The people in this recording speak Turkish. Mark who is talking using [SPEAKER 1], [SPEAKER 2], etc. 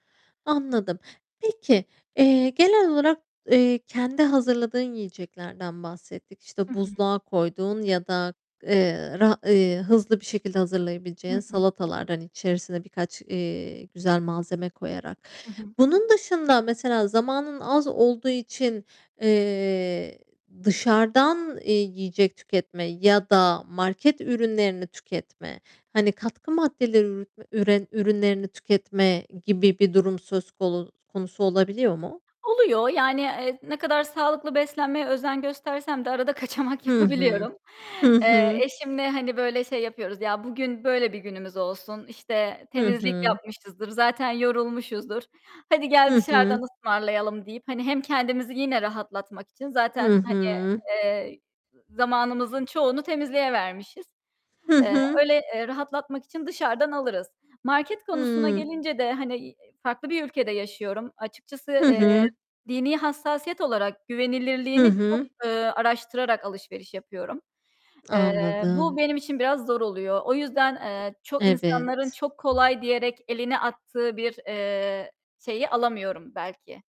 [SPEAKER 1] Anladım. Peki, eee, genel olarak, eee, kendi hazırladığın yiyeceklerden bahsettik. İşte
[SPEAKER 2] Hı hı.
[SPEAKER 1] buzluğa koyduğun ya da, eee, ra eee, hızlı bir şekilde
[SPEAKER 2] Hı
[SPEAKER 1] hazırlayabileceğin
[SPEAKER 2] hı.
[SPEAKER 1] salatalardan içerisine birkaç, eee, güzel malzeme koyarak.
[SPEAKER 2] Hı hı.
[SPEAKER 1] Bunun dışında mesela zamanın az olduğu için, eee, dışarıdan eee yiyecek tüketme ya da market ürünlerini tüketme, hani, katkı maddeleri üre ürünlerini tüketme gibi bir durum söz konu konusu olabiliyor mu?
[SPEAKER 2] Oluyor, yani, eee, ne kadar sağlıklı beslenmeye özen göstersem de arada kaçamak
[SPEAKER 1] Hı hı.
[SPEAKER 2] yapabiliyorum.
[SPEAKER 1] Hı
[SPEAKER 2] Eee,
[SPEAKER 1] hı.
[SPEAKER 2] eşimle, hani, böyle şey yapıyoruz, ya bugün böyle bir günümüz olsun, işte
[SPEAKER 1] Hı
[SPEAKER 2] temizlik
[SPEAKER 1] hı.
[SPEAKER 2] yapmışızdır, zaten yorulmuşuzdur, "Hadi gel
[SPEAKER 1] Hı hı.
[SPEAKER 2] dışarıdan ısmarlayalım." deyip hani hem kendimizi yine rahatlatmak için
[SPEAKER 1] Hı
[SPEAKER 2] zaten hani,
[SPEAKER 1] hı.
[SPEAKER 2] eee, z zamanımızın çoğunu temizliğe vermişiz.
[SPEAKER 1] Hı
[SPEAKER 2] Eee,
[SPEAKER 1] hı.
[SPEAKER 2] öyle, eee, rahatlatmak için dışarıdan alırız. Market konusuna
[SPEAKER 1] Hımm.
[SPEAKER 2] gelince de hani, farklı bir ülkede yaşıyorum. Açıkçası,
[SPEAKER 1] Hı
[SPEAKER 2] eee,
[SPEAKER 1] hı.
[SPEAKER 2] dini hassasiyet olarak
[SPEAKER 1] Hı
[SPEAKER 2] güvenilirliğini çok,
[SPEAKER 1] hı.
[SPEAKER 2] eee, araştırarak alışveriş yapıyorum. Eee, bu
[SPEAKER 1] Anladım.
[SPEAKER 2] benim için biraz zor oluyor. O yüzden, eee, çok insanların
[SPEAKER 1] Evet.
[SPEAKER 2] çok kolay diyerek elini attığı bir, eee, şeyi alamıyorum belki.